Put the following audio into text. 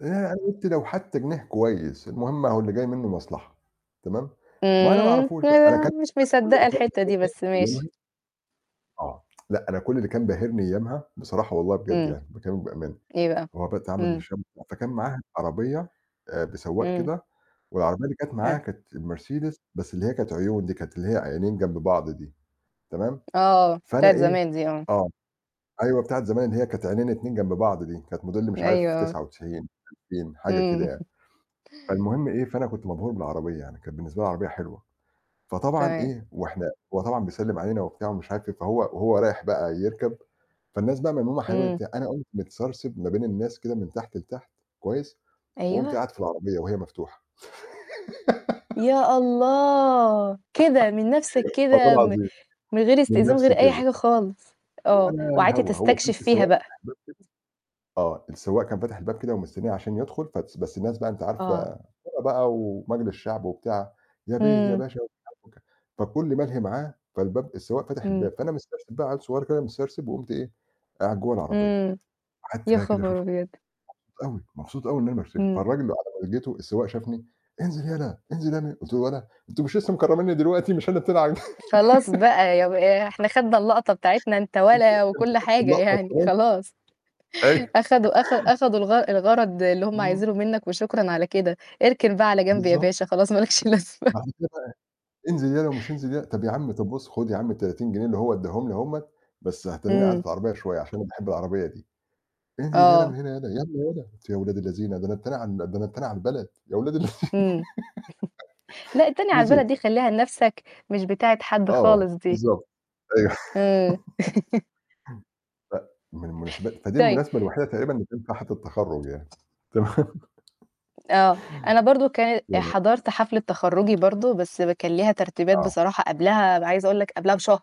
ياه، أنا قلت لو حتى جنيه كويس المهم أهو اللي جاي منه مصلحة تمام، ما أنا امم معرفوش آآ بقى، أنا لا كل مش اللي مصدقة كان الحتة دي باهرني بس ماشي. أيامها آه، لأ أنا كل اللي كان باهرني أيامها بصراحة والله بجد امم. يعني باكلمِك بأمانة أيوه، هو امم. [unintelligible] فكان معاها عربية آآ، بسواق امم. كده والعربية اللي كانت معاها حلو كانت مرسيدس بس اللي هي كانت عيون دي، كانت اللي هي عينين جنب بعض دي تمام، آه، فأنا بتاعة إيه زمان دي آه. آه، أيوه، بتاعة زمان اللي هي كانت عينين 2 جنب بعض دي كانت موديل مش أيوه، عارف آه. 99 2000، حاجة امم. كده يعني. فالمهم إيه، فأنا كنت مبهور بالعربية يعني، كانت بالنسبة العربية حلوة، فطبعا تمام. إيه وإحنا هو طبعًا بيسلم علينا وبتاع ومش عارف إيه، فهو وهو رايح بقى يركب فالناس بقى من حولينا امم. وبتاع، أنا قمت متسرسب ما بين الناس كده من تحت لتحت كويس، وقمت أيوه. قاعد في العربية وهي مفتوحة. يا الله! كده من نفسك والله كده م العظيم، من غير من استئذان من نفسي غير أي كده. حاجة خالص آه، ولا وقعدت الهوا، هو كان تستكشف في فيها سواق بقى. فاتح الباب كده آه، السواق كان فتح الباب كده ومستنيه عشان يدخل بس بس الناس بقى أنتِ آه عارفة بقى [unintelligible] بقى ومجلس شعب وبتاع، "يا بيه، يا امم. باشا،" [unintelligible] فالكل ملهي معاه فالباب السواق فتح امم. الباب، فأنا مسترسب بقى عيل صغير مسترسب وقمت إيه، قاعد جوّه العربية، امم. قعدت يا كده بقى أشوف خبر أبيض! [unintelligible] مبسوط أوي، مبسوط أوي إنها مرسيدس، امم. فالراجل على ما لقيته السواق شافني :انزل يلا، انزل يا ابني" قلت له: "ولا! أنتم مش لسه مكرمني دلوقتي مش أنا التاني ع خلاص بقى يا ب إحنا أخدنا اللقطة بتاعتنا أنت أنتم ولا أنتم وكل خدتوا حاجة اللقطة يعني وخلاص؟ خلاص أيوه. أخدوا أخ أخدوا الغ الغرض اللي هم امم. عايزينه منك وشكرًا على كده، اركن بقى على جنب يا بالضبط. باشا خلاص مالكش لازمة [unintelligible] "انزل يلا ومش انزل يلا، طب يا عم، طب بُص خد يا عم ال30 جنيه اللي هو اداهم لي أهم، بس هتنيني قاعد امم. في العربية شوية عشان أنا باحب العربية دي." "انزل يلا من آه. هنا يلا، يالّا يلا." قلت يا أولاد الذينة ده أنا التاني على ده أنا التاني على البلد يا أولاد اللذينة. امم. لا التانية على البلد نزلت. دي خليها نفسك مش بتاعة حد آه، خالص دي. بالضبط، أيوه. امم. ف من المناسبات فدي طي المناسبة الوحيدة تقريبًا اللي تنفع حفلة تخرُّج يعني، تمام؟ آه، أنا برضه كانت [unintelligible] حضرت حفلة تخرُّجي برضه بس كان ليها ترتيبات آه. بصراحة قبلها، عايزة أقول لك قبلها بشهر.